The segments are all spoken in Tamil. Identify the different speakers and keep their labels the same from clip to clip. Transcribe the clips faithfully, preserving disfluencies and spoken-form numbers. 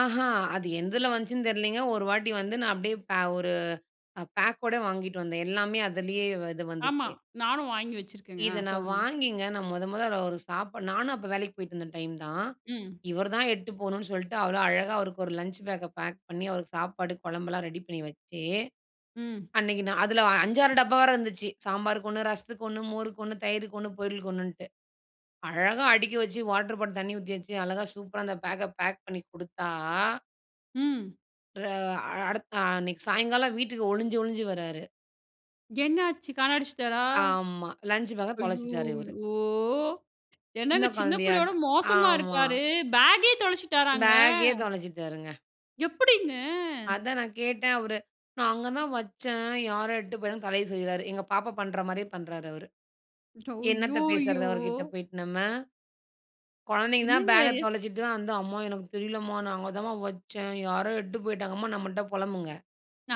Speaker 1: ஆஹ, அது எதில வந்துச்சுன்னு தெரியலைங்க ஒரு வாட்டி வந்து நான் அப்படியே பே ஒரு பேக்கோட வாங்கிட்டு வந்தேன். எல்லாமே அதிலேயே இது
Speaker 2: ஆமா.
Speaker 1: வந்துச்சு.
Speaker 2: நானும் வாங்கி வச்சுருக்கேங்க
Speaker 1: இத
Speaker 2: அ
Speaker 1: நான்
Speaker 2: சொல்லுங்க.
Speaker 1: வாங்கிங்க, நானும் மொதொ மொதொ அவருக்கு சாப்பாடு நானும் அப்போ வேலைக்கு போயிட்டு இருந்த டைம் தான்.
Speaker 2: ம்.
Speaker 1: இவர் தான் எட்டு போவணும்ன்னு சொல்லிட்டு அவ்வளோ அழகா அவருக்கு ஒரு லஞ்ச் பேக்க பேக் பண்ணி அவருக்கு சாப்பாடு குழம்பெல்லாம் ரெடி பண்ணி வச்சு.
Speaker 2: ம்.
Speaker 1: அன்னைக்கு நான் அதில அஞ்சாறு டப்பா வேற இருந்துச்சு சாம்பாருக்கு ஒண்ணு, ரசத்துக்கு ஒண்ணு, மோருக்கு ஒண்ணு, தயிருக்கு ஒண்ணு, பொரியளுக்கு ஒண்ணு,ன்னுட்டு அழகா அடிக்க வச்சு வாட்டர் பாட்டில் தண்ணி ஊத்தி வச்சு அழகா சூப்பரா அந்த பேக்க பேக் பண்ணி குடுத்தா
Speaker 2: ம்.
Speaker 1: அ அடுத்த அன்னைக்கு சாயங்காலம் வீட்டுக்கு ஒளிஞ்சு, ஒளிஞ்சு வர்றாரு.
Speaker 2: என்னாச்சு காண அடிச்சிட்டாரா?
Speaker 1: ஆமா லஞ்ச் பேக்க தொலச்சுட்டாரு இவரு.
Speaker 2: அய்யோயோ!
Speaker 1: சின்ன
Speaker 2: என்னங்க சின்ன பிள்ளையோட
Speaker 1: குழந்தையாட்டு.
Speaker 2: மோசமா
Speaker 1: ஆமா.
Speaker 2: இருக்காரு. பேக்கே தொலைச்சுட்டாராங்க?
Speaker 1: பேக்கே தொலைச்சுட்டுருங்க.
Speaker 2: எப்படிங்க?
Speaker 1: அதான் நான் கேட்டேன். அவரு, "நான் அங்க தான் வச்சேன். யாரோ எட்டு போய்" தலைய சொரியிறாரு. எங்க பாப்பா பண்ற மாரியே பண்றார் அவரு. என்னத்த பேசுறது
Speaker 2: அய்யயோ.
Speaker 1: அவருகிட்ட போயிட்டு நம்ம. குழந்தைங்க தான்
Speaker 2: என்னங்க.
Speaker 1: பேக்க தொலைச்சுட்டு தான் வந்து, "அம்மா எனக்கு தெரியல மா, நா அங்க தாம்மா வச்சேன். யாரோ எட்டு போய்ட்டாங்க அம்மா," நம்மள்ட்ட புலம்புங்க.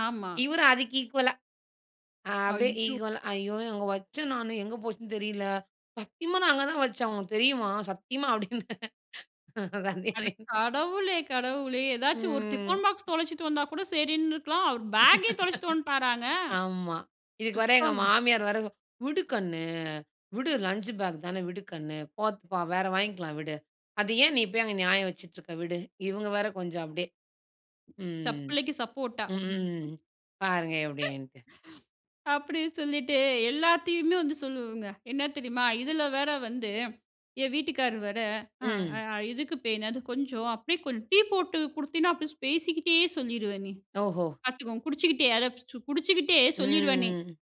Speaker 2: ஆமா.
Speaker 1: இவர் அதுக்கு இக்வால்லா. அ அப்படியே
Speaker 2: அய்யோ.
Speaker 1: ஈக்வல "ஐயோ, அங்க வச்சேன் நானு எங்க போச்சுன்னு தெரியல. சத்தியமா நான் அங்க தான் வச்சேன் உனக்கு தெரியுமா சத்தியமா," அப்படின்.
Speaker 2: அட
Speaker 1: கண்டுக்கவேயில்ல.
Speaker 2: கடவுளே, கடவுளே. எதாச்சும் ஒரு
Speaker 1: ம்.
Speaker 2: டிஃபன் பாக்ஸ் தொலைச்சிட்டு வந்தா கூட சரின்னு இருக்கலாம். அவரு பேக்கே தொலைச்சிட்டு வந்ட்டாராங்க.
Speaker 1: ஆமா இதுக்கு வர எங்க
Speaker 2: சுத்தோங்க.
Speaker 1: மாமியார் வேற, "விடு கண்ணு விடு. லஞ்ச் பேக் தானே விடு கண்ணு போட்டுபோ வேற வாங்கிக்கலாம் விடு. அதை ஏன் நீ போய் அங்க நியாயம் வச்சுட்டு இருக்க விடு." இவுங்க வேற கொஞ்சம் அப்படியே.
Speaker 2: தப்
Speaker 1: ம்.
Speaker 2: பிள்ளைக்கு சப்போர்ட்டா.
Speaker 1: ம். பாருங்க எப்படின்ட்டு.
Speaker 2: அப்படின்னு சொல்லிட்டு எல்லாத்தையுமே வந்து சொல்லுவங்க என்ன தெரியுமா? இதில வேற வந்து என் வீட்டுக்காரர் வேற
Speaker 1: ம்.
Speaker 2: அ எதுக்கு பே "அது கொஞ்சம் அப்படியே கொஞ்சம் டீ போட்டு குடுத்தினா அப்படியே பேசிக்கிட்டே சொல்லிருவேன்னே."
Speaker 1: ஓஹோ!
Speaker 2: பார்த்துக்கோங்க குடிச்சுகிட்டே அத குடிச்சுகிட்டே சொல்லிருவேன்னே.
Speaker 1: ம்.